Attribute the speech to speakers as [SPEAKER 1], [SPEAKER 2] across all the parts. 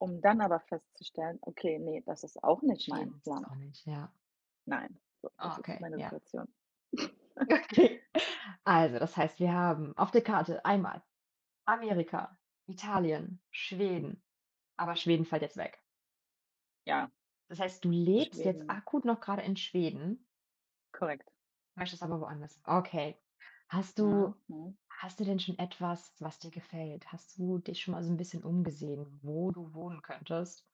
[SPEAKER 1] Um dann aber festzustellen: „Okay, ne, das ist auch nicht mein
[SPEAKER 2] Schweden ist es
[SPEAKER 1] Land.“
[SPEAKER 2] auch nicht, ja.
[SPEAKER 1] Nein, so, das ist
[SPEAKER 2] Okay,
[SPEAKER 1] meine
[SPEAKER 2] ja.
[SPEAKER 1] Situation.
[SPEAKER 2] Okay. Also, das heißt, wir haben auf der Karte einmal Amerika, Italien, Schweden, aber Schweden fällt jetzt weg.
[SPEAKER 1] Ja.
[SPEAKER 2] Das heißt, du lebst jetzt
[SPEAKER 1] Schweden.
[SPEAKER 2] akut noch grade in Schweden?
[SPEAKER 1] Korrekt.
[SPEAKER 2] Möchtest aber woanders. Okay. Hast
[SPEAKER 1] Mhm,
[SPEAKER 2] du
[SPEAKER 1] mhm.
[SPEAKER 2] hast du denn schon etwas, was dir gefällt? Hast du dich schon mal so 'n bisschen umgesehen, wo du wohnen könntest,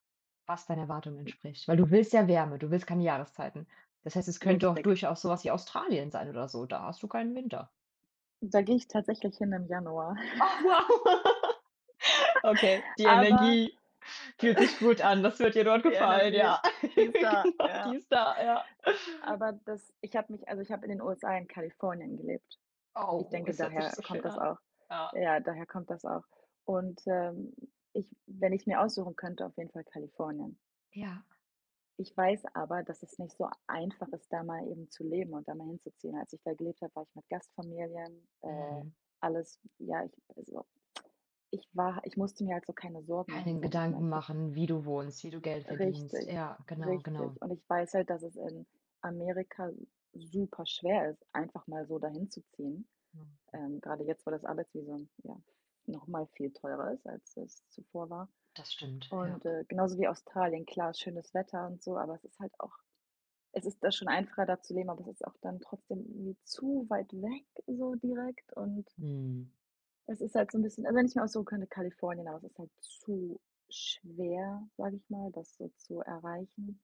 [SPEAKER 2] was deinen Erwartungen entspricht? Weil du willst ja Wärme, du willst keine Jahreszeiten. Das heißt, es könnte auch
[SPEAKER 1] Richtig.
[SPEAKER 2] durchaus so was wie Australien sein oder so. Da hast du keinen Winter.
[SPEAKER 1] Da gehe ich tatsächlich hin im Januar.
[SPEAKER 2] Oh, wow, okay, die
[SPEAKER 1] Aber
[SPEAKER 2] Energie fühlt sich gut an. Das wird dir dort
[SPEAKER 1] die
[SPEAKER 2] gefallen,
[SPEAKER 1] Energie,
[SPEAKER 2] ja.
[SPEAKER 1] die ist da,
[SPEAKER 2] Genau, die
[SPEAKER 1] ja.
[SPEAKER 2] ist da, ja.
[SPEAKER 1] Aber das ich habe mich also, ich habe in den USA in Kalifornien gelebt. Ich
[SPEAKER 2] Oh,
[SPEAKER 1] denke,
[SPEAKER 2] es hört sich
[SPEAKER 1] daher
[SPEAKER 2] so
[SPEAKER 1] kommt
[SPEAKER 2] schön
[SPEAKER 1] das
[SPEAKER 2] an.
[SPEAKER 1] auch.
[SPEAKER 2] Ja.
[SPEAKER 1] Ja, daher kommt das auch. Und, ähm, ich wenn ich's mir aussuchen könnte, auf jeden Fall Kalifornien.
[SPEAKER 2] Ja.
[SPEAKER 1] Ich weiß aber, dass es nicht so einfach ist, da mal eben zu leben und da mal hinzuziehen. Als ich da gelebt habe, war ich mit Gastfamilien, äh,
[SPEAKER 2] Mhm.
[SPEAKER 1] alles ja, ich also, ich war ha ich musste mir halt so keine Sorgen machen,
[SPEAKER 2] Keine
[SPEAKER 1] sage ich mal.
[SPEAKER 2] Gedanken
[SPEAKER 1] Ich habe
[SPEAKER 2] machen, wie du wohnst, wie du Geld verdienst.
[SPEAKER 1] Richtig,
[SPEAKER 2] Ja, genau, genau.
[SPEAKER 1] richtig. Und ich weiß halt, dass es in Amerika super schwer ist, einfach mal so dahin zu ziehen, ähm, grade jetzt, wo das Arbeitsvisum ja noch mal viel teurer ist, als es zuvor war.
[SPEAKER 2] Das stimmt, ja.
[SPEAKER 1] Und, äh, genauso wie Australien klar schönes Wetter und so, aber es ist halt auch es ist da schon einfacher, da zu leben, aber es ist auch dann trotzdem irgendwie zu weit weg so direkt und
[SPEAKER 2] Mhm.
[SPEAKER 1] Es ist halt so 'n bisschen also, wenn ich's mir aussuchen könnte, Kalifornien, aber es ist halt zu schwer, sage ich mal, das so zu erreichen.